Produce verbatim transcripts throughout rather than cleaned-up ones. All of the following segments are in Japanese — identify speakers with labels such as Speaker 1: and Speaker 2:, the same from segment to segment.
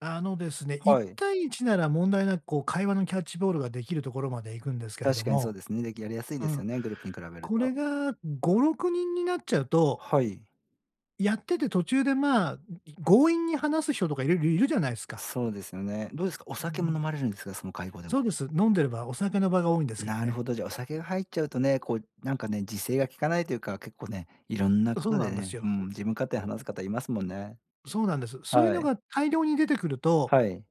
Speaker 1: あのですね、いっ
Speaker 2: はい。
Speaker 1: たいいちなら問題なく、こう、会話のキャッチボールができるところまで行くんですけれど
Speaker 2: 確かにそう
Speaker 1: も、
Speaker 2: ですね。できやりやすい
Speaker 1: う
Speaker 2: です
Speaker 1: ん。
Speaker 2: よね、グループに比べる
Speaker 1: これ
Speaker 2: と。
Speaker 1: がごろくにんになっちゃうと
Speaker 2: はい。
Speaker 1: やってて途中で、まあ、ん、い強引に話す人とかいるいるじゃないすか。
Speaker 2: そうですよね。どうですか？お
Speaker 1: う
Speaker 2: 酒
Speaker 1: んう
Speaker 2: も
Speaker 1: ん。
Speaker 2: 飲まれるんですか？その会合では。
Speaker 1: そうです。飲んでれば、お酒の場が多いんですけど
Speaker 2: なる
Speaker 1: ね。
Speaker 2: ほど。じゃ、お酒が入っちゃうとね、こうなんかね、自制がきかないというか、結構ね。いろんな
Speaker 1: う、
Speaker 2: こ
Speaker 1: そう
Speaker 2: と
Speaker 1: な
Speaker 2: で
Speaker 1: んです
Speaker 2: ね、う
Speaker 1: よ。
Speaker 2: ん。自分勝手話す方いますもんね。
Speaker 1: そうなんです。そういう
Speaker 2: は
Speaker 1: の
Speaker 2: い。
Speaker 1: が大量に出てくると、
Speaker 2: はい。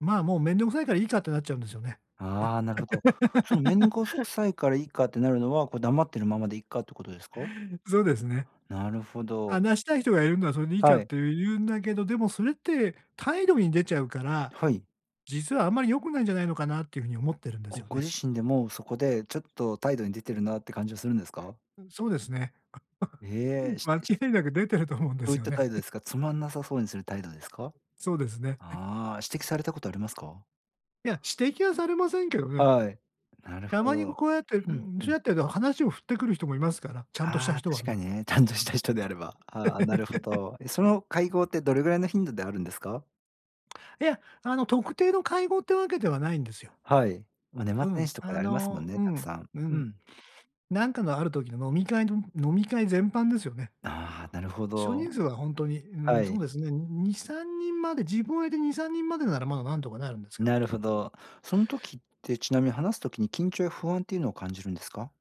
Speaker 1: まあ、もう、めんどくさいからいいかってなっちゃうんですよね。
Speaker 2: はあ、なるほど。その、めんごす くさいからいいかってなるのは、こう、黙ってるままでいっかってことですか？
Speaker 1: そうですね。
Speaker 2: なるほど。
Speaker 1: 話したい人がいるんならそれでいいか
Speaker 2: は
Speaker 1: っ
Speaker 2: い。
Speaker 1: て言う言うんだけど、でもそれって態度に出ちゃうから、
Speaker 2: はい。
Speaker 1: 実はあんまり良くないんじゃないのかなっていうふうに思ってるんです
Speaker 2: あ、
Speaker 1: よ
Speaker 2: ご
Speaker 1: ね。
Speaker 2: 自身でもそこでちょっと態度に出てるなって感じはするんですか？
Speaker 1: うん、そうですね。
Speaker 2: ええ、し
Speaker 1: 間違
Speaker 2: し
Speaker 1: いなく出てると思うんで
Speaker 2: どう
Speaker 1: す
Speaker 2: いっ
Speaker 1: よ
Speaker 2: た
Speaker 1: ね
Speaker 2: 態
Speaker 1: っ
Speaker 2: 度で
Speaker 1: て。
Speaker 2: すか？つまんなさそうにする態度ですか？
Speaker 1: そうですね。
Speaker 2: ああ、指摘されたことありますか？
Speaker 1: いや、指摘はされませんけどね。
Speaker 2: はい、なる
Speaker 1: た
Speaker 2: ほ
Speaker 1: まに
Speaker 2: ど。
Speaker 1: こうやって、う
Speaker 2: う
Speaker 1: ー
Speaker 2: ん
Speaker 1: ん、
Speaker 2: う
Speaker 1: そ
Speaker 2: ん。
Speaker 1: うやってると話を振ってくる人もいますから、ちゃんとした
Speaker 2: ああ、
Speaker 1: 人は
Speaker 2: 確か
Speaker 1: ね。
Speaker 2: にね。ちゃんとした人であれば。ああ、なるほ ど。え、その会合ってどれぐらいの頻度であるんですか？
Speaker 1: いや、あの特定の会合ってわけではないんですよ。
Speaker 2: はい。ま、年末
Speaker 1: う
Speaker 2: 年
Speaker 1: ん、
Speaker 2: 始とか
Speaker 1: あ
Speaker 2: でありますもん
Speaker 1: の、
Speaker 2: ね、
Speaker 1: う
Speaker 2: たく
Speaker 1: ん。
Speaker 2: さん。
Speaker 1: う
Speaker 2: う
Speaker 1: ん。
Speaker 2: ん。
Speaker 1: なんかの、ある時の飲み会の飲み会全般ですよね。
Speaker 2: ああ、なるほ
Speaker 1: 少
Speaker 2: ど。
Speaker 1: 人数はほんとに、うー
Speaker 2: は
Speaker 1: ん、そ
Speaker 2: い。
Speaker 1: うですね。ににさんにんまで。自分入れてにさんにんまでならまだなんとかなるんですけど。
Speaker 2: なるほど。その時って、ちなみに、話す時に緊張や不安っていうのを感じるんですか？